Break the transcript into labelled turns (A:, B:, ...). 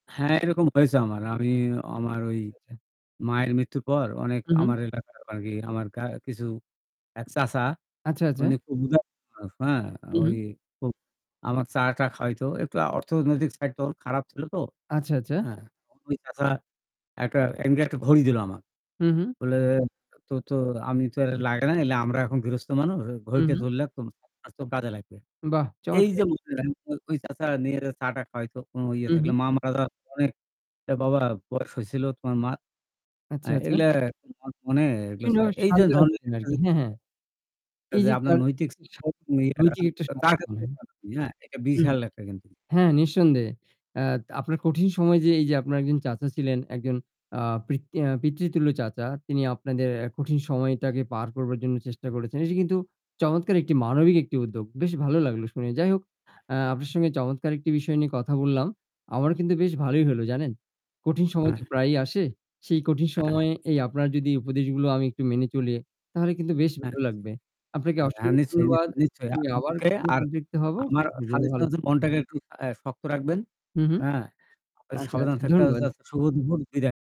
A: হ্যাঁ, এরকম হয়েছে আমার ঐ, আমি আমার ওই
B: [unintelligible]
A: মায়ের মৃত্যুর পর অনেক
B: হু, হু।
A: আমার এলাকার আর কি আমার কিছু এক চাচা
B: আচ্ছা, আচ্ছা।
A: উনি খুব উদার মানুষ,
B: হু,
A: ঐ
B: হু।
A: আমার চা টা খাওয়াইতো একটু অর্থনৈতিক সাইড তখন খারাপ ছিল তো।
B: আচ্ছা, আচ্ছা।
A: হ্যাঁ, ওই চাচা একটা এমনি একটা ঘড়ি দিল আমার।
B: হু, হু।
A: বলে তো, "তো আমি তো লাগে নাইলে আমরা এখন গৃহস্থ মানুষ।
B: হু,
A: ঘড়িটা
B: হু।
A: তুই রাখ, তো কাজে লাগবে।"
B: বাহ!
A: এই
B: চমৎকার।
A: যে ঐ চাচা নিয়ে চাটা খাওয়াইতো, কোন ইয়ে
B: হু, হু।
A: থাকলে মা মারা যাওয়ার অনেক বাবা বয়স হয়েছিল তোমার মা।
B: আচ্ছা, আচ্ছা।
A: এগুলা এগুলো
B: বিভিন্ন
A: এই যে
B: শান্তনা
A: ধর যে,
B: দিতেন আরকি হ্যাঁ, হ্যাঁ। এই যে
A: [unintelligible] আপনার
B: তার
A: নৈতিক
B: যে নৈতিক একটা।
A: হ্যাঁ এটা
B: হম
A: বিশাল একটা কিন্তু।
B: হ্যাঁ নিঃসন্দেহে। আ আপনার কঠিন সময় যে এই যে আপনার একজন চাচা ছিলেন একজন আ পিততুল্য চাচা তিনি আপনাদের কঠিন সময়টাকে পার করবার জন্য চেষ্টা করেছেন। এটা কিন্তু চমৎকার একটি মানবিক একটি উদ্যোগ। বেশ ভালো লাগলো শুনে। যাই হোক আপনার সঙ্গে চমৎকার একটি বিষয় নিয়ে কথা বললাম। আমার কিন্তু বেশ ভালোই হল জানেন। কঠিন সময়
A: হ্যাঁ।
B: তো প্রায়ই আসে। সেই কঠিন
A: হ্যাঁ।
B: সময়ে এই আপনার যদি উপদেশগুলো আমি একটু মেনে চলি তাহলে কিন্তু বেশ
A: হ্যাঁ।
B: ভালো লাগবে। আপনাকে
A: আচ্ছা হ্যাঁ
B: অসংখ্য
A: নিশ্চয়ই,
B: ধন্যবাদ।
A: নিশ্চই, নিশ্চই।
B: আমি আবার কখনো
A: আর
B: সন্তপ্ত হব।
A: আমার suggestion হচ্ছে মনটাকে একটু শক্ত রাখবেন।
B: হু, হু।
A: হ্যাঁ
B: আচ্ছা,
A: সাবধান
B: আচ্ছা,
A: [unintelligible] থাকতে
B: ধন্যবাদ।
A: শুভ দুপুর। বিদায়।